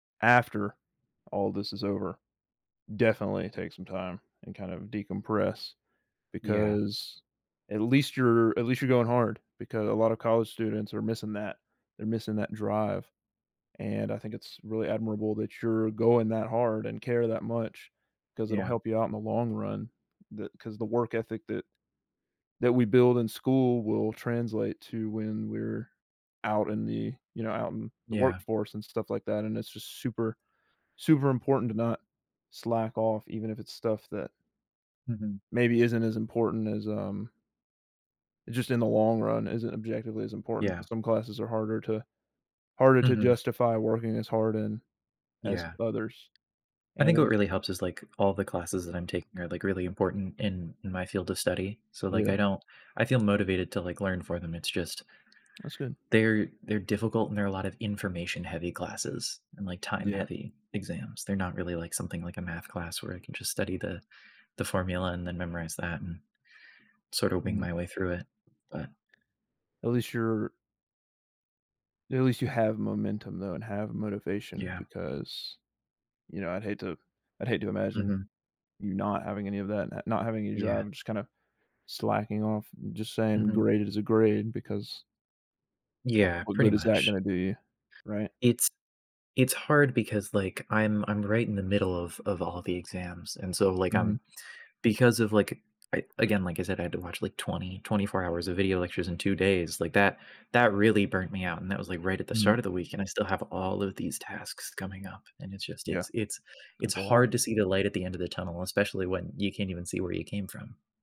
After all this is over, definitely take some time and kind of decompress, Yeah. because at least you're at least you're going hard, because a lot of college students are missing that. They're missing that drive, and I think it's really admirable that you're going that hard and care that much, 'cause it'll Yeah. help you out in the long run. The 'cause the work ethic that that we build in school will translate to when we're out in the, you know, out in the Yeah. workforce and stuff like that, and it's just super super important to not slack off even if it's stuff that Mhm. maybe isn't as important as, um just in the long run isn't objectively as important Yeah. 'cause some classes are harder to harder to Mhm. justify working as hard in as Yeah. others, I and think what it's really helps is, like, all the classes that I'm taking are, like, really important in in my field of study, so, like, I Yeah. don't I feel motivated to, like, learn for them, it's just That's good. they're they're difficult, and there are a lot of information-heavy classes and, like, Yeah. time-heavy exams, they're not really like something, like a math class where I can just study the the formula and then memorize that, and sort of wing Mhm. my way through it. But At least you're at least you have momentum though and have motivation Yeah. because, you know, I'd hate to I'd hate to imagine Mhm. you not having any of that not not having any Yeah. drive, just kinda slacking off, just saying, Mhm. "Graded as a grade" because ah, Yeah, what pretty good is that much. gonna do you? Right? It's it's hard because, like, I'm I'm right in the middle of of all the exams, and so, like, um, Mhm. because of, like, I again, like I said, I had to watch, like, 20, 24 hours of video lectures in 2 days, like, that that really burnt me out, and that was, like, right at the start Mhm. of the week, and I still have all of these tasks coming up, and it's just Yeah. it's it's it's That's a lot. hard to see the light at the end of the tunnel, especially when you can't even see where you came from.